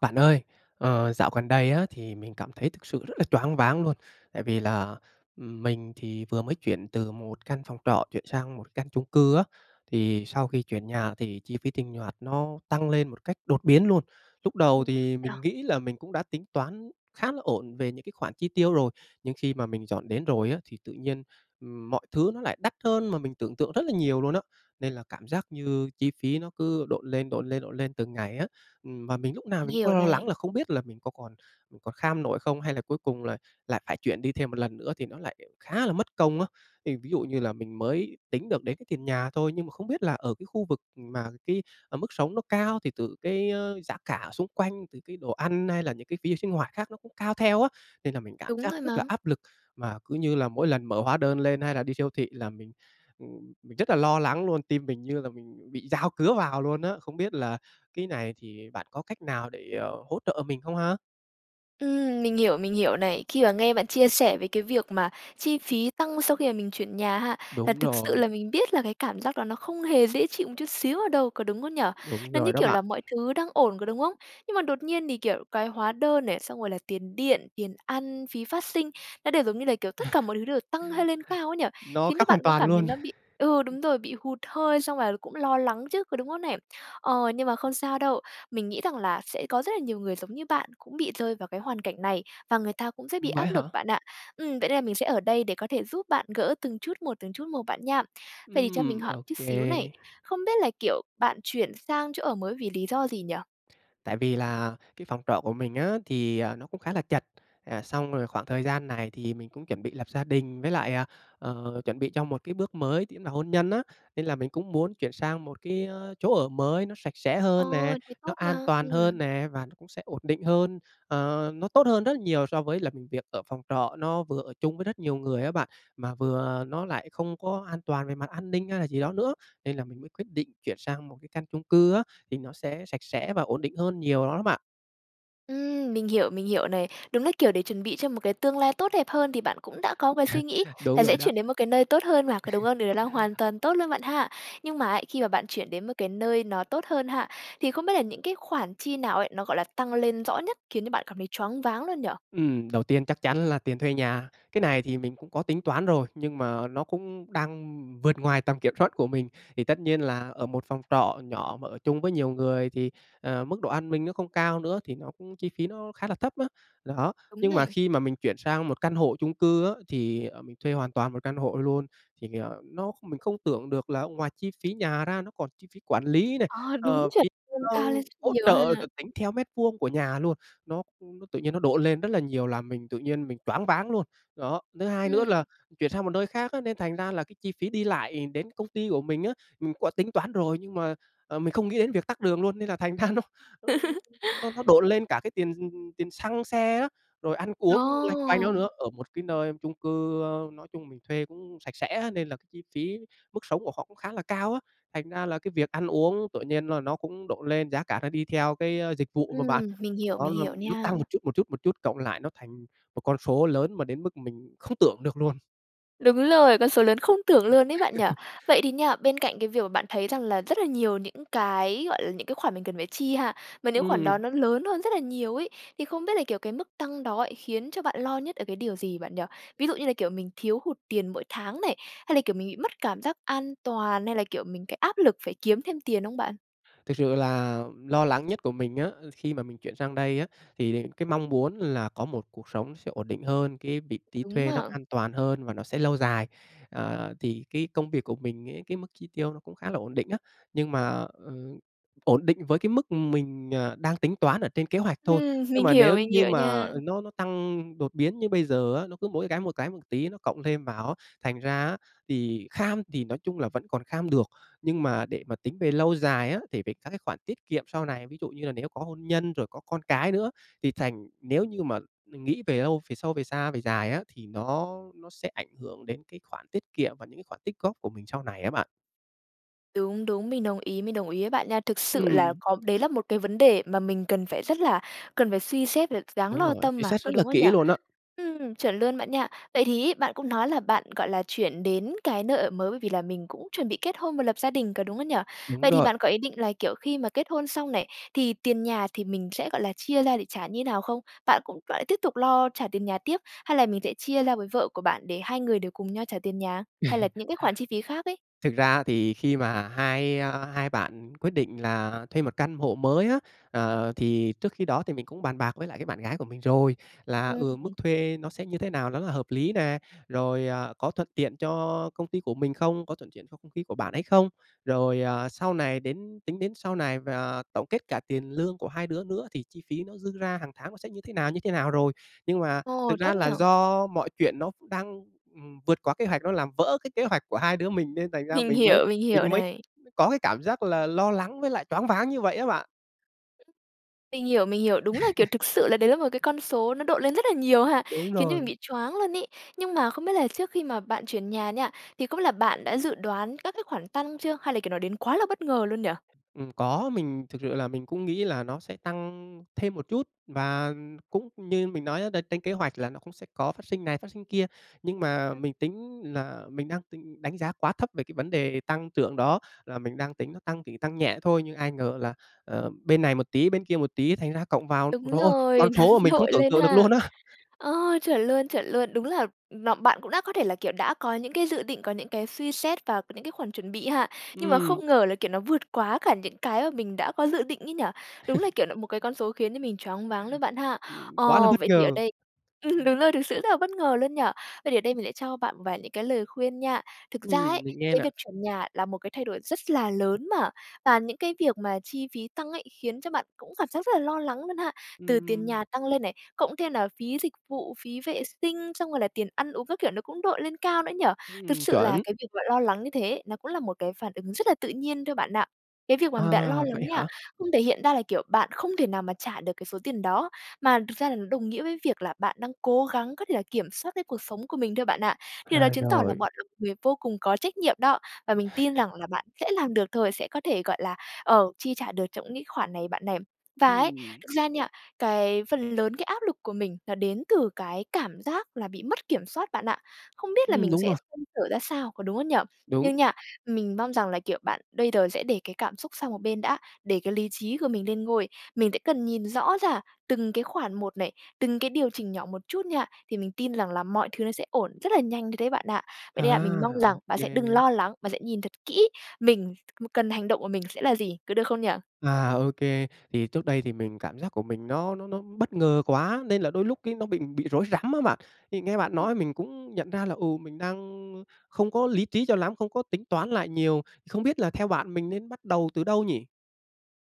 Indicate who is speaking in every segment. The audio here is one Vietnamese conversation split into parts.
Speaker 1: Bạn ơi! Ờ, dạo gần đây á thì mình cảm thấy thực sự rất là choáng váng luôn, tại vì là, ừm, mình thì vừa mới chuyển từ một căn phòng trọ chuyển sang một căn chung cư á, thì sau khi chuyển nhà thì chi phí tinh hoạt nó tăng lên một cách đột biến luôn. Lúc
Speaker 2: Ừ
Speaker 1: đầu
Speaker 2: [unintelligible] vậy
Speaker 1: thì
Speaker 2: à?
Speaker 1: mình nghĩ là mình cũng đã tính toán khá là ổn về những cái khoản chi tiêu rồi, nhưng khi mà mình dọn đến rồi á, thì tự nhiên, ừm, mọi thứ nó lại đắt hơn mà mình tưởng tượng rất là nhiều luôn á, nên là cảm giác như chi phí nó cứ độn lên, độn lên, độn lên từng ngày á. Ừm, và mình lúc nào
Speaker 2: Mình
Speaker 1: mình cũng
Speaker 2: hiểu
Speaker 1: lo lắng
Speaker 2: này.
Speaker 1: là không biết là mình có còn còn kham nổi không, hay là cuối cùng là lại phải chuyển đi thêm một lần nữa thì nó lại khá là mất công á. Thì ví dụ như là mình mới tính được đến cái tiền nhà thôi, nhưng mà không biết là ở cái khu vực mà cái, ờ, mức sống nó cao thì từ cái, ơ, giá cả xung quanh, từ cái đồ ăn, hay là những cái phí sinh hoạt khác nó cũng cao theo á. Nên là mình cảm
Speaker 2: Đúng
Speaker 1: giác
Speaker 2: rồi
Speaker 1: rất là
Speaker 2: mà.
Speaker 1: áp lực mà cứ như là mỗi lần mở hóa đơn lên hay là đi siêu thị là mình, ừm, mình rất là lo lắng luôn, tim mình như là mình bị dao cứa vào luôn á. Không biết là cái này thì bạn có cách nào để, ờ, hỗ trợ mình không ha?
Speaker 2: Ừm, mình hiểu, mình hiểu này. Khi mà nghe bạn chia sẻ về cái việc mà chi phí tăng sau khi mà mình chuyển nhà ha, là
Speaker 1: Đúng
Speaker 2: thực sự
Speaker 1: rồi.
Speaker 2: là mình biết là cái cảm giác đó nó không hề dễ chịu một chút xíu ở đâu, có đúng không nhỉ?
Speaker 1: Đúng
Speaker 2: Nó như,
Speaker 1: rồi đó
Speaker 2: kiểu,
Speaker 1: bạn.
Speaker 2: là mọi thứ đang ổn, có đúng không? Nhưng mà đột nhiên thì, kiểu, cái hóa đơn này, xong rồi là tiền điện, tiền ăn, phí phát sinh nó đều giống như là, kiểu, tất cả mọi thứ đều tăng hơi lên cao ấy nhỉ,
Speaker 1: Nó
Speaker 2: khiến cho
Speaker 1: khác
Speaker 2: bạn
Speaker 1: hoàn
Speaker 2: cũng
Speaker 1: toàn
Speaker 2: cảm thấy
Speaker 1: luôn,
Speaker 2: nó bị ừ,
Speaker 1: ừm.
Speaker 2: đúng rồi, bị hụt hơi xong là cũng lo lắng chứ, có đúng không nè? Ờ, nhưng mà không sao đâu, mình nghĩ rằng là sẽ có rất là nhiều người giống như bạn cũng bị rơi vào cái hoàn cảnh này, và người ta cũng sẽ bị
Speaker 1: Ừm, vậy
Speaker 2: áp
Speaker 1: hả?
Speaker 2: lực bạn ạ. Ừm, vậy nên là mình sẽ ở đây để có thể giúp bạn gỡ từng chút một, từng chút một bạn nha. Vậy thì cho mình
Speaker 1: Ừm,
Speaker 2: hỏi một
Speaker 1: ô
Speaker 2: chút
Speaker 1: kê.
Speaker 2: xíu này, không biết là, kiểu, bạn chuyển sang chỗ ở mới vì lý do gì nhỉ?
Speaker 1: Tại vì là cái phòng trọ của mình á thì, à, nó cũng khá là chật. À, xong rồi khoảng thời gian này thì mình cũng chuẩn bị lập gia đình, với lại, à, ờ, chuẩn bị cho một cái bước mới chính là hôn nhân á, nên là mình cũng muốn chuyển sang một cái, ơ, chỗ ở mới nó sạch sẽ
Speaker 2: Ờ,
Speaker 1: hơn nè,
Speaker 2: thế
Speaker 1: nó
Speaker 2: tốt
Speaker 1: an
Speaker 2: mà,
Speaker 1: toàn
Speaker 2: ừm.
Speaker 1: hơn nè và nó cũng sẽ ổn định hơn. Ờ, nó tốt hơn rất là nhiều so với là mình việc ở phòng trọ, nó vừa ở chung với rất nhiều người á bạn, mà vừa nó lại không có an toàn về mặt an ninh hay là gì đó nữa, nên là mình mới quyết định chuyển sang một cái căn chung cư á thì nó sẽ sạch sẽ và ổn định hơn nhiều lắm á bạn.
Speaker 2: Ừm, mình hiểu, mình hiểu này. Đúng là kiểu để chuẩn bị cho một cái tương lai tốt đẹp hơn, thì bạn cũng đã có cái suy nghĩ
Speaker 1: Đúng
Speaker 2: là
Speaker 1: rồi
Speaker 2: sẽ
Speaker 1: đó.
Speaker 2: chuyển đến một cái nơi tốt hơn mà, có đúng hông? Điều đấy là hoàn toàn tốt luôn bạn ha! Nhưng mà ấy, khi mà bạn chuyển đến một cái nơi nó tốt hơn ha, thì không biết là những cái khoản chi nào ấy, nó, gọi là, tăng lên rõ nhất khiến cho bạn cảm thấy choáng váng luôn nhỉ?
Speaker 1: Ừm, đầu tiên chắc chắn là tiền thuê nhà. Cái này thì mình cũng có tính toán rồi, nhưng mà nó cũng đang vượt ngoài tầm kiểm soát của mình. Thì tất nhiên là ở một phòng trọ nhỏ mà ở chung với nhiều người thì, ờ, mức độ an ninh nó không cao nữa, thì nó cũng chi phí nó khá là thấp á. Đó,
Speaker 2: Đúng
Speaker 1: nhưng mà
Speaker 2: này.
Speaker 1: khi mà mình chuyển sang một căn hộ chung cư á, thì, ờ, mình thuê hoàn toàn một căn hộ luôn, thì vì, ờ, nó kh mình không tưởng được là ngoài chi phí nhà ra, nó còn chi phí quản lý này,
Speaker 2: À, đúng,
Speaker 1: ờ,
Speaker 2: chuẩn
Speaker 1: phí,
Speaker 2: luôn,
Speaker 1: ơ,
Speaker 2: cao lên rất
Speaker 1: hỗ
Speaker 2: nhiều ha!
Speaker 1: trợ được tính theo mét vuông của nhà luôn, nó nó tự nhiên nó độn lên rất là nhiều, làm mình tự nhiên mình choáng váng luôn. Đó, thứ hai nữa
Speaker 2: Ừm.
Speaker 1: là chuyển sang một nơi khác á, nên thành ra là cái chi phí đi lại đến công ty của mình á, mình có tính toán rồi, nhưng mà, ờ, mình không nghĩ đến việc tắc đường luôn. Nên là thành ra nó nó nó nó độn lên cả cái tiền, ừm, ừm, tiền xăng xe á, rồi ăn uống loanh quanh đó
Speaker 2: Ồ!
Speaker 1: nữa, ở một cái nơi chung cư, ơ, nói chung mình thuê cũng sạch sẽ á. Nên là cái chi phí, mức sống của họ cũng khá là cao á, thành ra là cái việc ăn uống tự nhiên là nó cũng độn lên, giá cả nó đi theo cái, ơ, dịch vụ mà bạn.
Speaker 2: Ừm, mình hiểu,
Speaker 1: Đó
Speaker 2: mình
Speaker 1: nó
Speaker 2: hiểu
Speaker 1: nó
Speaker 2: nha.
Speaker 1: tăng một chút, một chút, một chút cộng lại nó thành một con số lớn mà đến mức mình không tưởng được luôn.
Speaker 2: Đúng rồi, con số lớn không tưởng luôn ấy bạn nhỉ? Vậy thì nha, bên cạnh cái việc mà bạn thấy rằng là rất là nhiều những cái, gọi là, những cái khoản mà mình cần phải chi ha, mà những khoản đó
Speaker 1: Ừm.
Speaker 2: nó lớn hơn rất là nhiều ấy, thì không biết là, kiểu, cái mức tăng đó khiến cho bạn lo nhất ở cái điều gì bạn nhỉ? Ví dụ như là kiểu mình thiếu hụt tiền mỗi tháng này, hay là, kiểu, mình bị mất cảm giác an toàn, hay là, kiểu, mình cái áp lực phải kiếm thêm tiền hông bạn?
Speaker 1: Thực sự là lo lắng nhất của mình á, khi mà mình chuyển sang đây á, thì đ cái mong muốn là có một cuộc sống sẽ ổn định hơn, cái vị trí
Speaker 2: Đúng
Speaker 1: thuê nó
Speaker 2: mà.
Speaker 1: an toàn hơn và nó sẽ lâu dài. Ờ, thì cái công việc của mình ấy, cái mức chi tiêu nó cũng khá là ổn định á, nhưng mà, ừm, ổn định với cái mức mình, ờ, đang tính toán ở trên kế hoạch thôi,
Speaker 2: Ừm,
Speaker 1: nhưng
Speaker 2: mình
Speaker 1: mà
Speaker 2: hiểu,
Speaker 1: nếu
Speaker 2: mình
Speaker 1: như
Speaker 2: hiểu
Speaker 1: mà
Speaker 2: nha.
Speaker 1: nó nó tăng đột biến như bây giờ á, nó cứ mỗi cái một cái một tí nó cộng thêm vào á. Thành ra á thì kham thì nói chung là vẫn còn kham được, nhưng mà để mà tính về lâu dài á, thì về các cái khoản tiết kiệm sau này, ví dụ như là nếu có hôn nhân rồi có con cái nữa thì thành nếu như mà mình nghĩ về lâu, về sâu, về xa, về dài á, thì nó nó sẽ ảnh hưởng đến cái khoản tiết kiệm và những cái khoản tích góp của mình sau này á bạn.
Speaker 2: Đúng, đúng, mình đồng ý, mình đồng ý với bạn nha. Thực sự là
Speaker 1: Ừm.
Speaker 2: có, đấy là một cái vấn đề mà mình cần phải rất là cần phải suy xét v đáng
Speaker 1: Đúng
Speaker 2: lo
Speaker 1: rồi,
Speaker 2: tâm
Speaker 1: suy
Speaker 2: mà,
Speaker 1: xét rất
Speaker 2: có
Speaker 1: là
Speaker 2: đúng không nhỉ?
Speaker 1: kỹ luôn á.
Speaker 2: Ừm, chuẩn luôn bạn nha. Vậy thì ấy, bạn cũng nói là bạn, gọi là, chuyển đến cái nơi ở mới bởi vì là mình cũng chuẩn bị kết hôn và lập gia đình, có đúng không nhỉ?
Speaker 1: Đúng
Speaker 2: Vậy thì
Speaker 1: rồi.
Speaker 2: bạn có ý định là, kiểu, khi mà kết hôn xong này, thì tiền nhà thì mình sẽ, gọi là, chia ra để trả như thế nào không? Bạn cũng bạn lại tiếp tục lo trả tiền nhà tiếp? Hay là mình sẽ chia ra với vợ của bạn để hai người đều cùng nhau trả tiền nhà? Hay là những cái khoản chi phí khác ấy?
Speaker 1: Thực ra á, thì khi mà hai, a, hai bạn quyết định là thuê một căn hộ mới á, ờ, thì trước khi đó thì mình cũng bàn bạc với lại cái bạn gái của mình rồi. Là,
Speaker 2: Ừm
Speaker 1: ừ, mức
Speaker 2: hưm.
Speaker 1: thuê nó sẽ như thế nào nó là hợp lý nè, rồi, à, có thuận tiện cho công ty của mình không, có thuận tiện cho công ty của bạn ấy không. Rồi, à, sau này đến tính đến sau này và tổng kết cả tiền lương của hai đứa nữa, thì chi phí nó dư ra hàng tháng nó sẽ như thế nào, như thế nào rồi. Nhưng mà
Speaker 2: Ồ!
Speaker 1: thực
Speaker 2: Tốt
Speaker 1: ra
Speaker 2: nhỉ.
Speaker 1: là do mọi chuyện nó đang, ừm, vượt quá kế hoạch, nó làm vỡ cái kế hoạch của hai đứa mình, nên thành ra
Speaker 2: Mình
Speaker 1: mình mới
Speaker 2: hiểu, mình hiểu
Speaker 1: mình mới
Speaker 2: này.
Speaker 1: có cái cảm giác là lo lắng, với lại choáng váng như vậy á bạn.
Speaker 2: Mình hiểu, mình hiểu. Đúng là kiểu thực sự là đấy là một cái con số nó độn lên rất là nhiều ha!
Speaker 1: Đúng
Speaker 2: Khiến cho mình
Speaker 1: rồi.
Speaker 2: bị choáng luôn ấy, nhưng mà không biết là trước khi mà bạn chuyển nhà nha, thì không biết là bạn đã dự đoán các cái khoản tăng chưa? Hay là, kiểu, nó đến quá là bất ngờ luôn nhỉ?
Speaker 1: Ừm, có, mình thực sự là mình cũng nghĩ là nó sẽ tăng thêm một chút và cũng như mình nói á là trên kế hoạch là nó cũng sẽ có phát sinh này, phát sinh kia, nhưng mà
Speaker 2: Ừm.
Speaker 1: mình tính là mình đang tính đánh giá quá thấp về cái vấn đề tăng trưởng đó, là mình đang tính nó tăng, chỉ tăng nhẹ thôi, nhưng ai ngờ là, ờ, bên này một tí, bên kia một tí, thành ra cộng vào, ôi
Speaker 2: Đúng
Speaker 1: trời ơi, con
Speaker 2: rồi, nó
Speaker 1: số mà mình không
Speaker 2: đội
Speaker 1: tưởng
Speaker 2: lên
Speaker 1: tượng được
Speaker 2: ha.
Speaker 1: luôn á.
Speaker 2: Ờ, chuẩn luôn, chuẩn luôn. Đúng là, ừm, n bạn cũng đã có thể là, kiểu, đã có những cái dự định, có những cái suy xét và những cái khoản chuẩn bị ha, nhưng mà
Speaker 1: Ừm.
Speaker 2: không ngờ là kiểu nó vượt quá cả những cái mà mình đã có dự định ấy nhỉ? Đúng là, kiểu là, một cái con số khiến cho mình choáng váng luôn bạn ha!
Speaker 1: Ừm, quá là
Speaker 2: Ờ,
Speaker 1: bất
Speaker 2: vậy thì ở
Speaker 1: ngờ.
Speaker 2: đây ừm, đúng rồi, thực sự rất là bất ngờ luôn nhỉ? Vậy thì ở đây mình sẽ cho bạn một vài những cái lời khuyên nha. Thực ra
Speaker 1: Ừm,
Speaker 2: ấy,
Speaker 1: mình nghe
Speaker 2: cái
Speaker 1: nè.
Speaker 2: việc chuyển nhà là một cái thay đổi rất là lớn mà, và những cái việc mà chi phí tăng ấy khiến cho bạn cũng cảm giác rất là lo lắng luôn ha. Từ tiền
Speaker 1: Ừm.
Speaker 2: nhà tăng lên này, cộng thêm nào phí dịch vụ, phí vệ sinh, xong rồi là tiền ăn uống các kiểu nó cũng đội lên cao nữa nhỉ? Thực
Speaker 1: Ừm,
Speaker 2: sự là
Speaker 1: chuẩn.
Speaker 2: cái việc bạn lo lắng như thế, nó cũng là một cái phản ứng rất là tự nhiên thôi bạn ạ. Cái việc mà bạn lo
Speaker 1: À, vậy
Speaker 2: lắng nha,
Speaker 1: hả?
Speaker 2: không thể hiện ra là, kiểu, bạn không thể nào mà trả được cái số tiền đó, mà thật ra nó đồng nghĩa với việc là bạn đang cố gắng có thể là kiểm soát cái cuộc sống của mình thôi bạn ạ, thì đó
Speaker 1: À,
Speaker 2: chứng tỏ là
Speaker 1: rồi.
Speaker 2: bạn là người vô cùng có trách nhiệm đó, và mình tin rằng là bạn sẽ làm được thôi, sẽ có thể, gọi là, ờ, chi trả được trong những cái khoản này bạn này. Và ấy,
Speaker 1: Ừm.
Speaker 2: thực ra nha, cái phần lớn cái áp lực của mình nó đến từ cái cảm giác là bị mất kiểm soát bạn ạ, không biết là
Speaker 1: Ừm,
Speaker 2: mình
Speaker 1: đúng
Speaker 2: sẽ
Speaker 1: rồi.
Speaker 2: xoay sở ra sao, có đúng không nhỉ? Nhưng
Speaker 1: Đúng.
Speaker 2: nha, mình mong rằng là, kiểu, bạn đây đờ sẽ để cái cảm xúc sang một bên đã, để cái lý trí của mình lên ngôi. Mình sẽ cần nhìn rõ ra từng cái khoản một này, từng cái điều chỉnh nhỏ một chút nha, thì mình tin rằng là mọi thứ nó sẽ ổn, rất là nhanh thôi đấy bạn ạ. Vậy nên là mình mong
Speaker 1: À!
Speaker 2: rằng
Speaker 1: Ô
Speaker 2: bạn sẽ đừng
Speaker 1: kê.
Speaker 2: lo lắng, bạn sẽ nhìn thật kỹ mình cần hành động của mình sẽ là gì, có được không nhỉ?
Speaker 1: À, ô kê. Thì trước đây thì mình cảm giác của mình nó nó nó bất ngờ quá, nên là đôi lúc cái nó bị bị rối rắm á bạn. Thì nghe bạn
Speaker 2: Ừm.
Speaker 1: nói mình cũng nhận ra là, ừ, mình đang, ơ, không có lý trí cho lắm, không có tính toán lại nhiều, không biết là theo bạn, mình nên bắt đầu từ đâu nhỉ?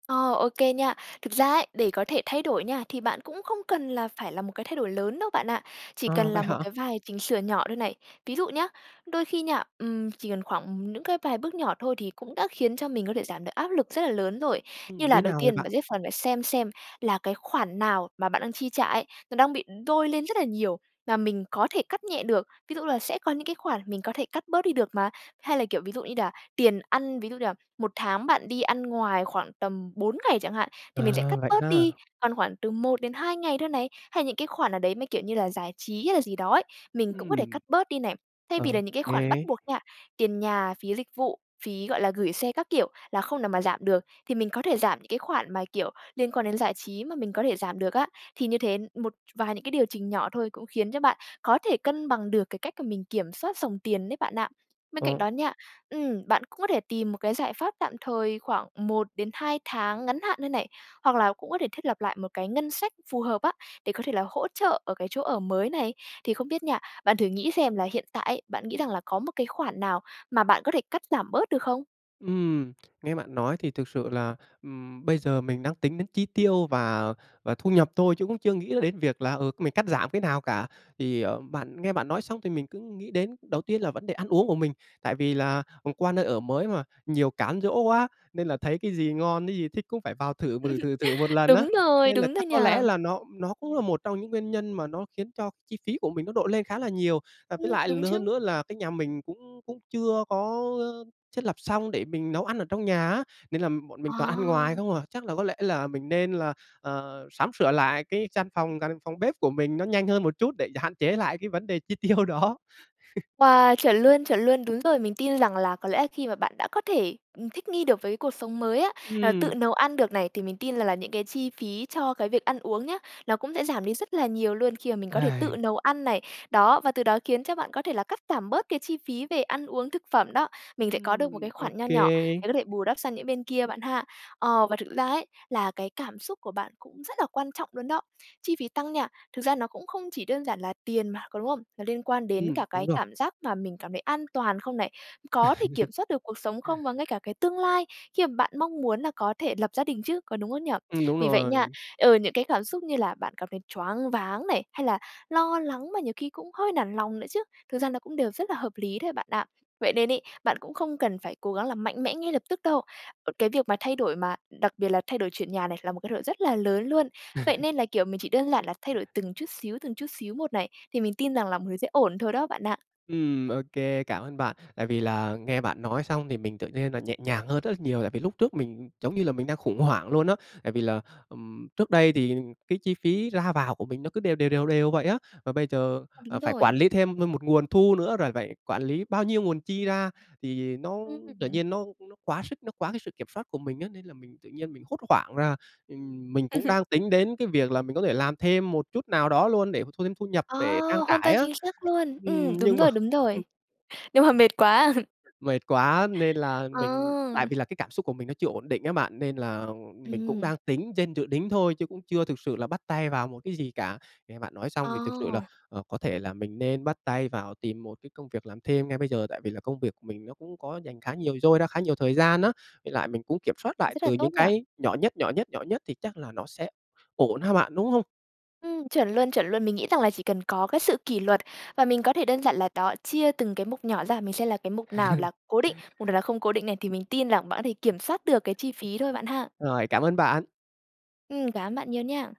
Speaker 2: Ờ, ô kê nha. Thực ra ấy, để có thể thay đổi nha, thì bạn cũng không cần là phải là một cái thay đổi lớn đâu bạn ạ, chỉ cần
Speaker 1: Ờ,
Speaker 2: là
Speaker 1: vậy
Speaker 2: một
Speaker 1: hả?
Speaker 2: cái vài chỉnh sửa nhỏ thôi này. Ví dụ nhá đôi khi nha, ừm, chỉ cần khoảng ừm, những cái vài bước nhỏ thôi, thì cũng đã khiến cho mình có thể giảm được áp lực rất là lớn rồi. Như
Speaker 1: Ừm, như
Speaker 2: là
Speaker 1: thế
Speaker 2: đầu
Speaker 1: nào vậy
Speaker 2: tiên
Speaker 1: bạn?
Speaker 2: bạn sẽ phần phải xem xem, là cái khoản nào mà bạn đang chi trả ấy, nó đang bị đôi lên rất là nhiều và mình có thể cắt nhẹ được, ví dụ là sẽ có những cái khoản mình có thể cắt bớt đi được mà. Hay là, kiểu, ví dụ đi đà tiền ăn, ví dụ như là 1 tháng bạn đi ăn ngoài khoảng tầm 4 ngày chẳng hạn, thì mình sẽ
Speaker 1: À,
Speaker 2: cắt
Speaker 1: vậy
Speaker 2: bớt
Speaker 1: ha.
Speaker 2: đi, còn khoảng từ 1-2 ngày thôi này. Hay những cái khoản nào đấy, mấy kiểu như là giải trí hay là gì đó ấy, mình cũng có thể
Speaker 1: Ừm.
Speaker 2: cắt bớt đi này. Thay vì
Speaker 1: Ô
Speaker 2: là những cái khoản bắt
Speaker 1: kê.
Speaker 2: buộc nha, tiền nhà, phí dịch vụ, phí, gọi là, gửi xe các kiểu, là không nào mà giảm được, thì mình có thể giảm những cái khoản mà, kiểu, liên quan đến giải trí, mà mình có thể giảm được á. Thì như thế, một vài những cái điều chỉnh nhỏ thôi, cũng khiến cho bạn có thể cân bằng được cái cách cả mình kiểm soát dòng tiền đấy bạn ạ. Bên cạnh
Speaker 1: Ờ.
Speaker 2: đó nha ừm, bạn cũng có thể tìm một cái giải pháp tạm thời khoảng 1-2 tháng ngắn hạn nơi này, hoặc là cũng có thể thiết lập lại một cái ngân sách phù hợp á, để có thể là hỗ trợ ở cái chỗ ở mới này. Thì không biết nha, bạn thử nghĩ xem là hiện tại ấy, bạn nghĩ rằng là có một cái khoản nào mà bạn có thể cắt giảm bớt được không?
Speaker 1: Ừm, nghe bạn nói thì thực sự là, ừm, bây giờ mình đang tính đến chi tiêu và và thu nhập thôi, chứ cũng chưa nghĩ đến việc là, ừ, mình cắt giảm cái nào cả. Thì, ờ, bạn nghe bạn nói xong thì mình cứ nghĩ đến đầu tiên là vấn đề ăn uống của mình. Tại vì là, ờ, qua nơi ở mới mà, nhiều cám dỗ quá nên là thấy cái gì ngon, cái gì thích cũng phải vào thử, thử, thử, thử một lần á,
Speaker 2: Đúng rồi,
Speaker 1: nên là
Speaker 2: đúng rồi
Speaker 1: chắc
Speaker 2: nhỉ.
Speaker 1: có lẽ là nó nó cũng là một trong những nguyên nhân mà nó khiến cho chi phí của mình nó độn lên khá là nhiều. Và với
Speaker 2: Ừm,
Speaker 1: lại
Speaker 2: đúng
Speaker 1: l hơn
Speaker 2: chứ!
Speaker 1: nữa là cái nhà mình cũng cũng chưa có, ờ, thiết lập xong để mình nấu ăn ở trong nhà á, nên là bọn mình toàn ăn ngoài
Speaker 2: À.
Speaker 1: không à. Chắc là có lẽ là mình nên là, à, sắm sửa lại cái gian phòng căn phòng bếp của mình nó nhanh hơn một chút để hạn chế lại cái vấn đề chi tiêu đó.
Speaker 2: Wow, chuẩn luôn, chuẩn luôn, đúng rồi. Mình tin rằng là có lẽ là khi mà bạn đã có thể, ừm, thích nghi được với cái cuộc sống mới á, là tự
Speaker 1: Ừm.
Speaker 2: nấu ăn được này, thì mình tin rằng là những cái chi phí cho cái việc ăn uống nhá, nó cũng sẽ giảm đi rất là nhiều luôn khi mà mình có thể tự nấu ăn này. Đó, và từ đó khiến cho bạn có thể là cắt giảm bớt cái chi phí về ăn uống, thực phẩm đó. Mình sẽ có được một cái
Speaker 1: Ừm, ô
Speaker 2: khoản nho nhỏ
Speaker 1: kê.
Speaker 2: để có thể bù đắp sang những bên kia bạn ha. Ờ, và thực ra ấy, là cái cảm xúc của bạn cũng rất là quan trọng luôn đó. Chi phí tăng nha, thực ra nó cũng không chỉ đơn giản là tiền mà, có đúng không? Nó liên quan đến
Speaker 1: Ừm,
Speaker 2: cả cái
Speaker 1: đúng rồi.
Speaker 2: cảm giác mà mình cảm thấy an toàn không này, có thể kiểm soát được cuộc sống không và ngay cả cái tương lai, khi mà bạn mong muốn là có thể lập gia đình chứ, có đúng không nhỉ?
Speaker 1: Ừm, đúng
Speaker 2: Vì vậy nha,
Speaker 1: rồi.
Speaker 2: ừ, những cái cảm xúc như là bạn cảm thấy choáng váng này, hay là lo lắng mà nhiều khi cũng hơi nản lòng nữa chứ, thực ra nó cũng đều rất là hợp lý thôi bạn ạ. Vậy nên ấy, bạn cũng không cần phải cố gắng là mạnh mẽ ngay lập tức đâu. Cái việc mà thay đổi, mà đặc biệt là thay đổi chuyển nhà này là một thay đổi rất là lớn luôn. Vậy nên là, kiểu, mình chỉ đơn giản là thay đổi từng chút xíu, từng chút xíu một này thì mình tin rằng là mọi thứ sẽ ổn thôi đó bạn ạ.
Speaker 1: Ừm, ô kê, cảm ơn bạn. Tại vì là nghe bạn nói xong thì mình tự nhiên là nhẹ nhàng hơn rất là nhiều, tại vì lúc trước mình giống như là mình đang khủng hoảng luôn á. Tại vì là, ừm, trước đây thì cái chi phí ra vào của mình nó cứ đều đều, đều đều vậy á. Và bây giờ,
Speaker 2: À,
Speaker 1: ờ,
Speaker 2: đúng
Speaker 1: phải
Speaker 2: rồi.
Speaker 1: quản lý thêm m một nguồn thu nữa, rồi phải quản lý bao nhiêu nguồn chi ra, thì nó tự
Speaker 2: Ừm.
Speaker 1: nhiên nó nó quá sức, nó quá cái sự kiểm soát của mình á. Nên là mình tự nhiên mình hốt hoảng ra, ừm, mình cũng đang tính đến cái việc là mình có thể làm thêm một chút nào đó luôn, để mà thu thêm thu nhập
Speaker 2: Ờ,
Speaker 1: để trang
Speaker 2: hoàn
Speaker 1: trải
Speaker 2: toàn
Speaker 1: á.
Speaker 2: chính xác luôn. Ừm,
Speaker 1: Ừm,
Speaker 2: đúng
Speaker 1: nhưng mà
Speaker 2: rồi, đúng
Speaker 1: hừm.
Speaker 2: rồi. Nhưng mà mệt quá.
Speaker 1: Mệt quá, nên là mình tại
Speaker 2: Ờ.
Speaker 1: vì là cái cảm xúc của mình nó chưa ổn định á bạn, nên là, ờ, mình cũng
Speaker 2: Ừm.
Speaker 1: đang tính trên dự đính thôi chứ cũng chưa thực sự là bắt tay vào một cái gì cả. Nghe bạn nói xong thì thực sự là,
Speaker 2: Ồ!
Speaker 1: ờ, có thể là mình nên bắt tay vào tìm một cái công việc làm thêm ngay bây giờ. Tại vì là công việc của mình nó cũng có rảnh khá nhiều, dôi ra khá nhiều thời gian á, với lại mình cũng kiểm soát lại
Speaker 2: Rất là
Speaker 1: từ
Speaker 2: tốt
Speaker 1: những
Speaker 2: nhỉ?
Speaker 1: cái nhỏ nhất, nhỏ nhất, nhỏ nhất thì chắc là nó sẽ ổn ha bạn, đúng hông?
Speaker 2: Ừm, chuẩn luôn, chuẩn luôn. Mình nghĩ rằng là chỉ cần có cái sự kỷ luật. Và mình có thể đơn giản là đó, chia từng cái mục nhỏ ra, mình xem là cái mục nào là cố định, mục nào là không cố định này, thì mình tin rằng bạn có thể kiểm soát được cái chi phí thôi, bạn ha?
Speaker 1: Rồi, cảm ơn bạn.
Speaker 2: Ừm, cảm ơn bạn nhiều nha.